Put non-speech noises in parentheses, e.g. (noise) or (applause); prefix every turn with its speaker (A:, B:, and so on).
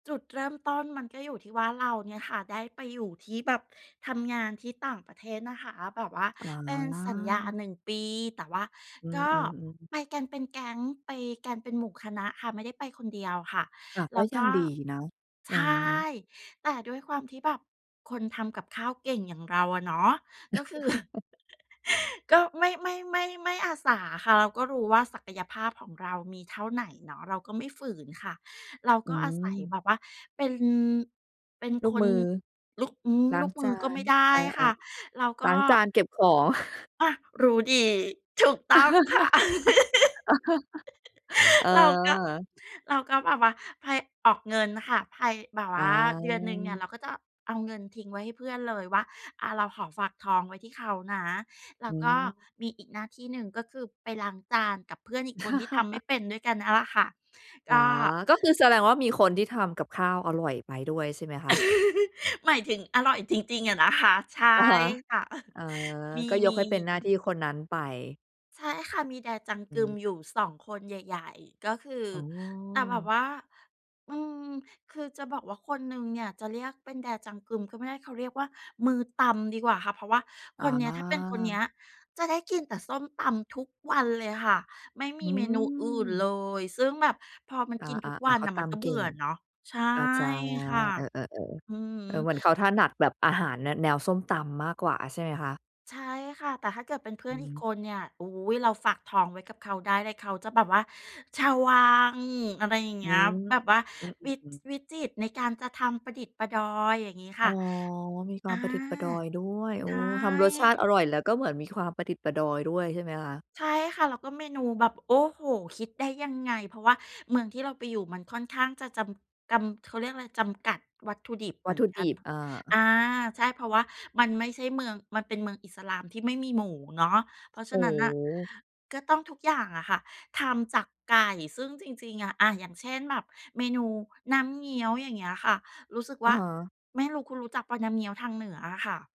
A: จุดเริ่มต้นมันก็อยู่ที่ว่าเราเนี่ยค่ะได้ไปอยู่ที่แบบ ทำงานที่ต่างประเทศนะคะ แบบว่า
B: อ๋
A: เป็นสัญญา
B: อ
A: 1 ปี แต่ว่า
B: อื
A: ก็
B: อ ๆ ๆ
A: ไปกันเป็นแก๊ง ไปกันเป็นหมู่คณะค่ะ ไม่ได้ไปคนเดียวค่ะ
B: กลับ
A: แ
B: ก
A: ล
B: ็
A: ้วก
B: ยัง
A: ็
B: ดีนะ เ
A: ใ
B: อ
A: ช่
B: อ
A: แต่ด้วยความที่แบบคนทำกับข้าวเก่งอย่างเราอะเนาะ ก็คือ (chuckles)
B: (chuckles)
A: ก็ไม่ ไม่ ไม่ ไม่อาสาค่ะ เราก็รู้ว่าศักยภาพของเรามีเท่าไหนเนาะ เราก็ไม่ฝืนค่ะ เรา
B: อื
A: ก็อาศัย
B: ม
A: แบบว่าเป็น เป็น
B: ลู
A: ค
B: กม
A: น
B: ือ
A: ลูก อือ
B: ล้า
A: ล
B: ง
A: ูกม
B: จ
A: ื
B: า
A: อก็
B: น
A: ไม่ได้
B: อ
A: ค
B: า
A: ่ะ เรา
B: ๆ
A: ก
B: ล้
A: ็
B: างจานเก็บของ (chuckles)
A: อา รู้ดี ถูกต้องค่ะ
B: (chuckles)
A: (laughs) เราก็
B: เออ
A: เราก็แบบว่าไพ ออกเงินค่ะ ไพ แบบว
B: อ
A: ่าเดือนหนึ่งเนี่ยเ
B: า
A: ราก็จะเอาเงินทิ้งไว้ให้เพื่อนเลยว่า อา เราขอฝากท้องไว้ที่เขานะ แล
B: อ
A: ้ว
B: ื
A: ก็
B: ม
A: มีอีกหน้าที่หนึ่งก็คือไปล้างจานกับเพื่อนอีกคนที่ทำไม่
B: (chuckles)
A: เป็นด้วยกันนั่นแหละค่ะ
B: อ
A: ก
B: า
A: ็
B: ก็คือแสดงว่ามีคนที่ทำกับข้าวอร่อยไปด้วยใช่ไหมคะ?
A: (chuckles) หมายถึงอร่อยจริง ๆ อะนะคะ ใช่
B: อะฮะ
A: ค่ะ (chuckles)
B: เออ
A: มี
B: ก็ยกให้เป็นหน้า
A: ๆ ๆ
B: ที่คนนั้นไป
A: ใช่ค่ะ มี Dae
B: อืม
A: Jang-geum อยู่ 2 คนใหญ่ ๆ ก็คือ
B: อ๋อ
A: แต่แบบว่า อืม คือจะบอกว่าคนหนึ่งเนี่ยจะเรียกเป็น Dae Jang-geum ก็ไม่ได้ เขาเรียกว่ามือตำดีกว่าค่ะ เพราะว่า
B: อ
A: คนเนี้ย ถ้าเป็นคนเน
B: า
A: ี้ยจะได้กินแต่ส้มตำทุกวันเลยค่ะ ไม่ม
B: อ
A: ี
B: ื
A: เมนูอื่นเ
B: ม
A: ลย ซึ่งแบบพอมัน
B: อ
A: กินทุ
B: า
A: ก
B: ๆ
A: วั
B: ๆ เ
A: น
B: ขา
A: น่ะ
B: ต
A: มันก็
B: ำเ
A: เ
B: ก
A: บ
B: ่
A: ื่
B: ง
A: อเนาะ ใช่
B: อา จ้ะ
A: ค่ะ
B: เออ ๆ ๆ
A: อือฮ
B: เออ เห
A: ึ
B: มือนเขาถนัดแบบอาหารแน แนวส้มตำมากกว่า ใช่ไหมคะ?
A: ใช่ค่ะ แต่ถ้าเกิดเป็นเพื่
B: อื
A: อนอีก
B: ม
A: คนเนี่ย โอ๊ย เราฝากท้องไว้กับเขาได้ แล้วเขาจะแบบว่าชาววัง อะไรอย่าง
B: อ
A: เง
B: ื
A: ี้ย
B: อ
A: แบบว่า
B: อื
A: วิ
B: อ ๆ ๆ
A: วิจิตรในการจะทำประดิดประดอย อย่างงี้ค
B: อ๋
A: ่ะ
B: อ มีค
A: อ
B: วา
A: า
B: มประดิดประดอยด้วย โอ
A: ใช
B: ้
A: ่
B: ทำรสชาติอร่อย แล้วก็เหมือนมีความประดิดประดอยด้วย ใช่ไหมคะ?
A: ใช่ค่ะ แล้วก็เมนูแบบ โอ้โฮ คิดได้ยังไง เพราะว่าเมืองที่เราไปอยู่มันค่อนข้างจะจำ กำ เขาเรียกไร จำกัดวัตถุดิบเ
B: ว
A: หม
B: ัต
A: ือ
B: ถ
A: น
B: ุ
A: ก
B: ด
A: ัน
B: ิบ อา
A: อา ใช่ เพราะว่ามันไม่ใช่เมือง มันเป็นเมืองอิสลามที่ไม่มีหมูเนาะ เพราะฉ
B: โอ
A: ะ
B: ้
A: นั้
B: โ
A: นน่ะ
B: ฮ
A: ก็ต้องทุกอย่างอะค่ะทำจากไก่ ซึ่งจริง ๆ อา อย่างเช่นแบบเมนูน้ำเงี้ยว อย่างเงี้ยค่ะ รู้สึก
B: อ
A: ว
B: ะ
A: ่า
B: ฮะ
A: ไม่รู้คุณรู้จักเปล่า น้ำเงี้ยวทางเหนืออะค่ะ?